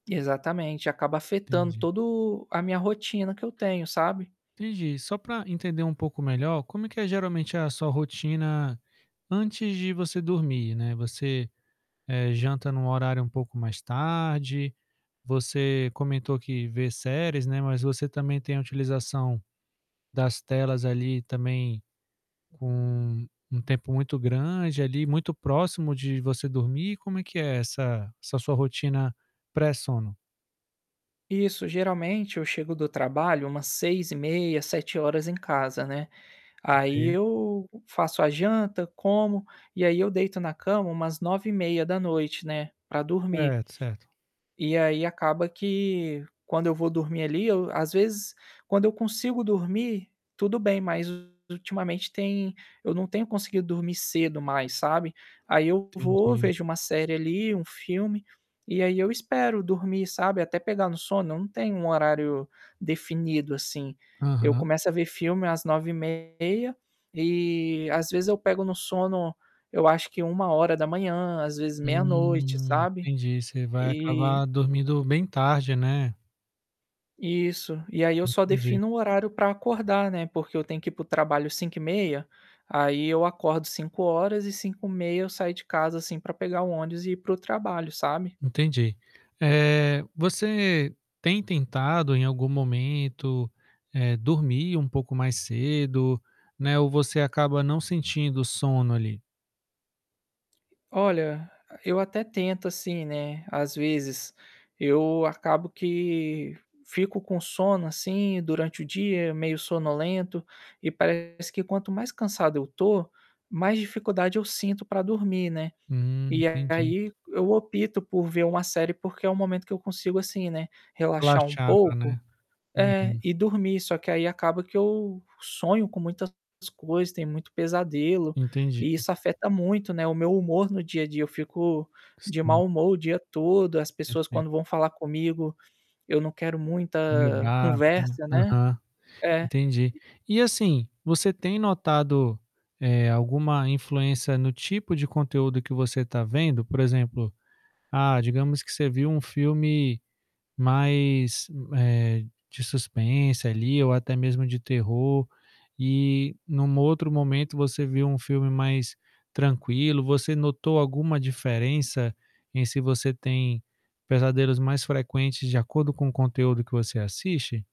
Exatamente. Acaba afetando Entendi. todo a minha rotina que eu tenho, sabe? Entendi. Só pra entender um pouco melhor, como é que é geralmente a sua rotina antes de você dormir, né? Você, eh, janta num horário um pouco mais tarde? Você comentou que vê séries, né, mas você também tem a utilização das telas, ali, também com um um tempo muito grande ali, muito próximo de você dormir? Como é que é essa essa sua rotina pré-sono? Isso. Geralmente eu chego do trabalho umas 18h30, 19h em casa, né. Aí, Sim. eu faço a janta, como. E aí, eu deito na cama umas 21h30, né, pra dormir. Certo, certo. E aí, acaba que, quando eu vou dormir ali, eu às vezes, quando eu consigo dormir, tudo bem. Mas ultimamente tem eu não tenho conseguido dormir cedo mais, sabe? Aí, eu vou Entendi. vejo uma série ali, um filme. E aí, eu espero dormir, sabe, até pegar no sono. Eu não tenho um horário definido, assim. Eu Aham. começo a ver filme às 21h30. E, às vezes, eu pego no sono, eu acho que 01h, às vezes meia noite, Hum, sabe? entendi. Você vai E acabar dormindo bem tarde, né? Isso. E aí, eu só Entendi. defino o horário pra acordar, né, porque eu tenho que ir pro trabalho 5h30. Aí, eu acordo 5h. E 5h30, eu saio de casa, assim, pra pegar o ônibus e ir pro trabalho, sabe? Entendi. Eh, você tem tentado em algum momento, eh, dormir um pouco mais cedo, né, ou você acaba não sentindo sono, ali? Olha, eu até tento, assim, né, às vezes. Eu acabo que fico com sono, assim, durante o dia, meio sonolento. E parece que quanto mais cansado eu tô, mais dificuldade eu sinto pra dormir, né. Hum, E entendi. aí, eu opto por ver uma série, porque é o momento que eu consigo, assim, né, relaxar um Relaxar, pouco. né? É, Uhum. e dormir. Só que, aí, acaba que eu sonho com muitas coisas, tenho muito pesadelo Entendi. e isso afeta muito, né, o meu humor no dia a dia. Eu fico de Sim. mau humor o dia todo. As pessoas, Pereito. quando vão falar comigo, eu não quero Meio muita bravo. conversa, né. Aham, É. entendi. E E, assim, você tem notado, eh, alguma influência no tipo de conteúdo que você tá vendo? Por exemplo, ah, digamos que você viu um filme mais, eh, de suspense ali ou até mesmo de terror, e, num outro momento, você viu um filme mais tranquilo. Você notou alguma diferença em se você tem pesadelos mais frequentes de acordo com o conteúdo que você assiste?